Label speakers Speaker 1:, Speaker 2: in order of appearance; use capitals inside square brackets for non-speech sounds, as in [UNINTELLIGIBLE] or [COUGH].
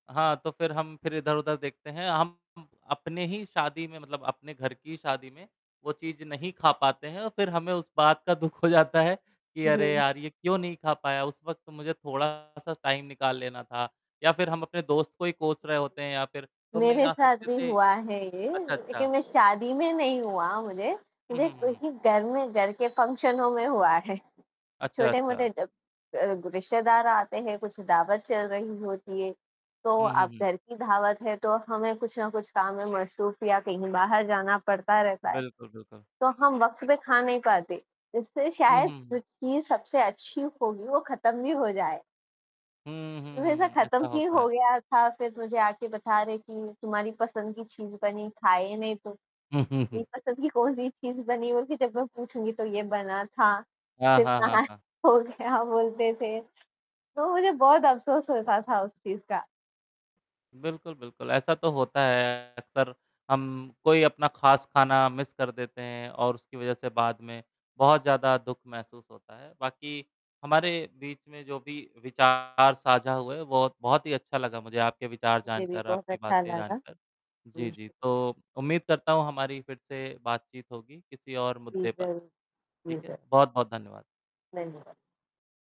Speaker 1: हाँ, तो फिर हम फिर इधर-उधर देखते हैं, हम अपने ही शादी में मतलब अपने घर की शादी में वो चीज़ नहीं ख़ा पाते हैं और फिर हमें उस बात का दुख हो जाता है कि अरे
Speaker 2: जी।
Speaker 1: यार! ये क्यों नहीं ख़ा पाया। उस वक़्त मुझे थोड़ा-सा टाइम निकाल लेना था या फिर हम अपने दोस्त को ही कोस रहे होते हैं या फिर तुम नहीं
Speaker 2: मेरे
Speaker 1: आ
Speaker 2: साथ
Speaker 1: सकते
Speaker 2: भी
Speaker 1: थे।
Speaker 2: हुआ है ये
Speaker 1: अच्छा,
Speaker 2: लेक़िन
Speaker 1: अच्छा।
Speaker 2: मैं शादी में नहीं हुआ मुझे,
Speaker 1: हुँ,
Speaker 2: मुझे
Speaker 1: हुँ, हुँ, हुँ।
Speaker 2: किसी घर में घर के फंक्शनों में हुआ है।
Speaker 1: अच्छा,
Speaker 2: छोटे-मोटे
Speaker 1: अच्छा।
Speaker 2: जो अ, रिश्तेदार आते हैं, कुछ दावत चल रही होती है, तो
Speaker 1: हुँ, हुँ,
Speaker 2: अब
Speaker 1: हुँ।
Speaker 2: घर की दावत है, तो हमें कुछ ना कुछ काम में मशरूफ़ या कहीं बाहर जाना पड़ता रहता है।
Speaker 1: बिल्कुल, बिल्कुल।
Speaker 2: तो हम वक़्त पे ख़ा नहीं पाते, इससे
Speaker 1: हुँ,
Speaker 2: शायद
Speaker 1: हुँ,
Speaker 2: जो
Speaker 1: हुँ।
Speaker 2: चीज़ सबसे अच्छी होगी वो ख़त्म भी हो जाए।
Speaker 1: हुँ, हुँ,
Speaker 2: वैसा
Speaker 1: हुँ, ऐसा
Speaker 2: ख़त्म ही
Speaker 1: होता
Speaker 2: हो
Speaker 1: है।
Speaker 2: गया था, फिर मुझे आके बता रहे कि तुम्हारी पसंद की चीज़ बनी ख़ाई नहीं तुम,
Speaker 1: हुँ, हुँ, हुँ।
Speaker 2: मेरी पसंद की कौन-सी चीज़ बनी होगी? जब मैं पूछूँगी तो ये बना था।
Speaker 1: हाँ,
Speaker 2: फिर
Speaker 1: हाँ, हाँ,
Speaker 2: कहाँ
Speaker 1: हाँ।
Speaker 2: ख़ो गया बोलते थे, तो मुझे बहुत अफ़सोस होता था उस चीज़ का।
Speaker 1: बिल्कुल, बिल्कुल, ऐसा तो होता है। अक्सर हम कोई अपना ख़ास ख़ाना मिस कर देते हैं और उसकी वजह से बाद में बहुत ज़्यादा दुख महसूस होता है। बाकी हमारे बीच में जो भी विचार साझा हुए, बहुत बहुत ही अच्छा लगा मुझे आपके विचार
Speaker 2: मुझे भी
Speaker 1: जानकर,
Speaker 2: बहुत
Speaker 1: आपकी
Speaker 2: अच्छा
Speaker 1: बातें
Speaker 2: लगा।
Speaker 1: जानकर।
Speaker 2: जी,
Speaker 1: जी, जी
Speaker 2: शु
Speaker 1: तो उम्मीद करता हूँ हमारी फिर से बातचीत होगी किसी और
Speaker 2: जी,
Speaker 1: मुद्दे पर,
Speaker 2: ज़रूर। जी,
Speaker 1: ठीक है।
Speaker 2: सर।
Speaker 1: बहुत-बहुत धन्यवाद।
Speaker 2: [UNINTELLIGIBLE]